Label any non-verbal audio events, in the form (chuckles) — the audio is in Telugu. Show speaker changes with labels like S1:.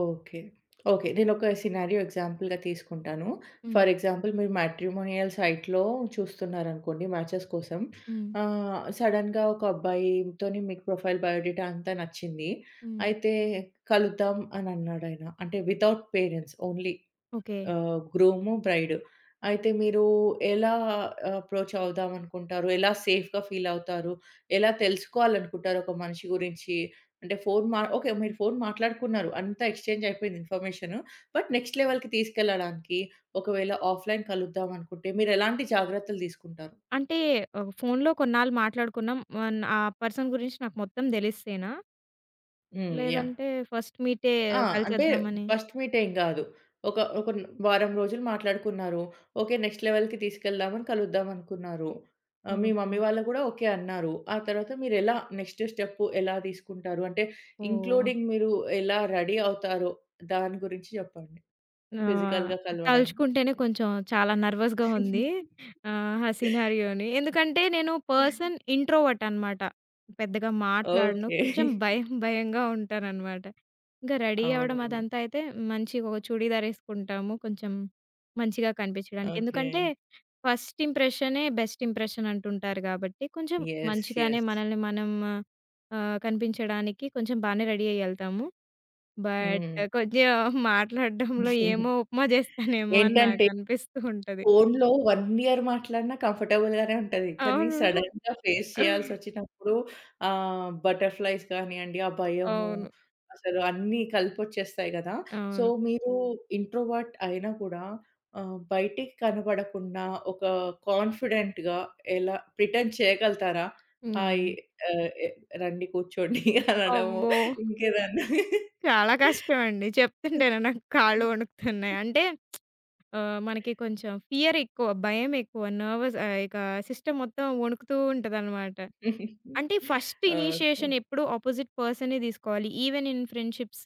S1: ఓకే. ఓకే. నేనొక సినారియో ఎగ్జాంపుల్‌గా తీసుకుంటాను.
S2: హ్మ్.
S1: ఫర్ ఎగ్జాంపుల్ మీరు మ్యాట్రిమోనియల్ సైట్‌లో చూస్తున్నారనుకోండి, మ్యాచెస్ కోసం.
S2: హ్మ్.
S1: ఆహ్, సడెన్‌గా ఒక అబ్బాయి తోని మీకు ప్రొఫైల్, బయో డేటా అంతా నచ్చింది.
S2: హ్మ్.
S1: అయితే కలుద్దాం అనన్నాడు ఆయన. అంటే వితౌట్ పేరెంట్స్ ఓన్లీ
S2: ఓకే.
S1: ఆహ్, గ్రూము, బ్రైడు. అయితే మీరు ఎలా అప్రోచ్ అవుదామనుకుంటారు? ఎలా సేఫ్‌గా ఫీలవుతారు? ఎలా తెలుసుకోవాలనుకుంటారు ఒక మనిషి గురించి? అంటే ఫోను మా ఓకే, మీరు ఫోను మాట్లాడుకున్నారు. అంతా ఎక్స్‌చేంజ్ అయిపోయింది ఇన్ఫర్మేషను. బట్ నెక్స్ట్ లెవెల్‌కి తీసుకెళ్లడానికి ఒకవేళ ఆఫ్లైన్ కలుద్దామనుకుంటే మీరు ఎలాంటి జాగ్రత్తలు దీసుకుంటారు?
S2: అంటే ఆహ్, ఫోను‌లో కొన్నాళ్ళు మాట్లాడుకున్నాం మొ ఆ పర్సన్ గురించి నాకు మొత్తం దెలిస్తేనా?
S1: హ్మ్. యాహ్!
S2: లేదంటే ఫస్ట్ మీటే
S1: ఆ! అంటే
S2: కలిచేద్దామని.
S1: ఫస్ట్ మీటేం గాదు. ఒక ఒక న్ వారం రోజులు మాట్లాడుకున్నారు. ఓకే, నెక్స్ట్ లెవెల్‌కి తీసుకెళ్దామని కలుద్దామనుకున్నారు. ఆహ్, మీ మమ్మీ
S2: ఓకే.
S1: వాళ్ళు గూడా ఓకే అన్నారు. ఆ తరువాత మీరెలా నెక్స్టు స్టెపు ఎలా దీసుకుంటారు? అంటే
S2: ఓహ్!
S1: ఇంక్లూడింగ్ మీరు ఎలా రెడీ అవుతారో, దాని గురించి చెప్పండి
S2: ఆ!
S1: ఫిజికల్‌గా కలవడానికి?
S2: తలుచుకుంటేనే కొంచెం చాలా నర్వాస్‌గా ఉంది.
S1: (giggles)
S2: ఆహ్, ఆ సినారియోని, ఎందుకంటే, నేను పర్సన్ ఇంట్రోవర్ట్ అనమాట. పెద్దగా మాట్లాడను
S1: ఓకే.
S2: కొంచెం
S1: (chuckles)
S2: భయం, భయంగా ఉంటాననమాట. ఇంక రెడీ అవ్వడం
S1: అవునవును.
S2: అదంతైతే మంచిగా ఓ చుడీదార్ ఎసుకుంటాము, కొంచెం మంచిగా కనిపించడానికి. ఎందుకంటే,
S1: ఓకే.
S2: ఫస్ట్ ఇంప్రెషనే బెస్ట్ ఇంప్రెషన్‌ అంటుంటారు. గాబట్టి కొంచెం
S1: యెస్.
S2: మంచిగానే
S1: యెస్.
S2: మనల్ని మనం ఆహ్, కనిపించడానికి కొంచెం బానే రెడీ అయ్యి ఎళ్తాము. బట్
S1: హ్మ్.
S2: కొంచెం మాట్లాడడంలో ఏమో,
S1: (chuckles)
S2: ఉప్మా జేస్తానేమో అని
S1: ఏంటంటే
S2: నాకనిపిస్తూంటది.
S1: ఫోనులో 1 ఇయర్ మాట్లాడినా కంఫర్టబుల్ గానే ఉంటది. కానీ
S2: అవును.
S1: సడెన్‌గా ఫేస్ చేయాల్సోచ్చినప్పుడు, ఆహ్, బటర్ ఫ్లై‌స్ గానియండి, ఆ భయము
S2: అవును.
S1: అసలు అన్ని కలిపొచ్చేస్తాయి గదా! సో,
S2: అవును.
S1: మీరు ఇంట్రోవర్ట్ అయినా కూడా ఆహ్, బయటికి కనపడకుండా ఒక కాన్ఫిడెంట్‌గా ఎలా ప్రిటెండ్ చేయగలుగుతారా? హాయి
S2: హ్మ్.
S1: ఆహ్, ఎ రండి కూర్చోండి అనడము.
S2: అమ్మో!
S1: ఇంకేదన్నా?
S2: చాలా కష్టమండి.
S1: హ్మ్.
S2: చెప్తుంటేనే నాకు కాళ్ళు
S1: హ్మ్.
S2: వణుకుతున్నాయి.
S1: హ్మ్.
S2: అంటే (smacks lips) ఆహ్, మనకి కొంచెం ఫియరేక్కువ, భయమేక్కువ, నెర్వస్ ఆహ్, ఇక సిస్టమ్ మొత్తం వణుకుతూ ఉంటదన్నమాట. అంటే,
S1: (chuckles)
S2: ఫస్ట్ ఇనిషియేషన్
S1: ఓకే.
S2: ఎప్పుడు అపోజిట్ పర్సనే దీసుకోవాలి ఈవెన్ ఇన్ ఫ్రెండ్షిప్స్.